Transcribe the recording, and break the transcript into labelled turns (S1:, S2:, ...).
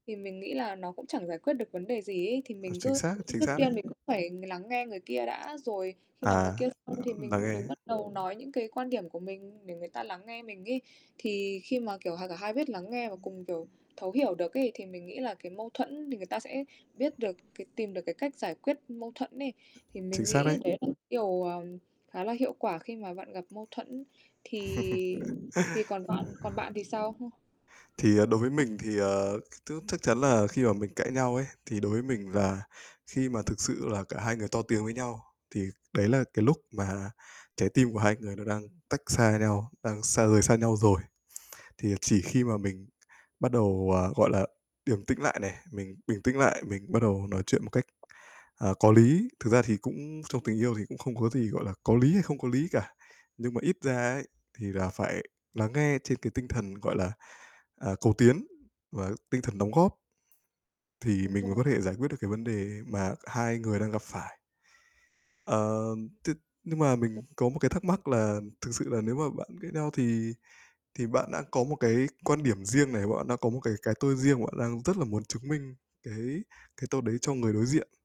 S1: Thì mình nghĩ là nó cũng chẳng giải quyết được vấn đề gì ấy, thì
S2: Ờ,
S1: mình
S2: chính
S1: cứ
S2: xác, chính
S1: trước
S2: xác
S1: tiên
S2: đấy.
S1: mình cũng phải lắng nghe người kia đã, rồi khi nào người
S2: À,
S1: kia xong
S2: l
S1: thì
S2: lắng
S1: mình mình
S2: nghe.
S1: bắt đầu nói những cái quan điểm của mình, để người ta lắng nghe mình ấy. Thì khi mà, kiểu, hà cả hai biết lắng nghe và cùng, kiểu, thấu hiểu được ấy, thì mình nghĩ là cái mâu thuẫn thì người ta sẽ biết được cái tìm được cái cách giải quyết mâu thuẫn ấy. Thì
S2: Chính
S1: mình
S2: xác
S1: nghĩ
S2: đấy.
S1: đấy là cái điều, ờm, khá là hiệu quả khi mà bạn gặp mâu thuẫn, thì thì còn bạn còn bạn thì sao? H
S2: Thì, à, đối với mình thì, ờ, [unintelligible] t chắc chắn là khi mà mình cãi nhau ấy, thì đối với mình là khi mà thực sự là cả hai người to tiếng với nhau, thì đấy là cái lúc mà trái tim của hai người nó đang tách xa nhau, đang xa rời xa nhau rồi. Thì chỉ khi mà mình bắt đầu, à, gọi là, điềm tĩnh lại này, mình bình tĩnh lại, mình bắt đầu nói chuyện một cách, à, có lý, thực ra thì cũng trong tình yêu thì cũng không có gì, gọi là, có lý hay không có lý cả, nhưng mà ít ra ấy thì là phải lắng nghe trên cái tinh thần, gọi là, à, cầu tiến và tinh thần đóng góp thì
S1: Đúng
S2: mình mới
S1: rồi.
S2: có thể giải quyết được cái vấn đề mà c hai người đang gặp phải. Ờ, th nhưng mà mình
S1: [unintelligible]
S2: có một cái thắc mắc là thực sự là nếu mà bạn ghét nhau thì thì bạn đã có một cái quan điểm riêng này, bạn đã có một cái cái tôi riêng mà bạn đang rất là muốn chứng minh cái cái tôi đấy cho người đối diện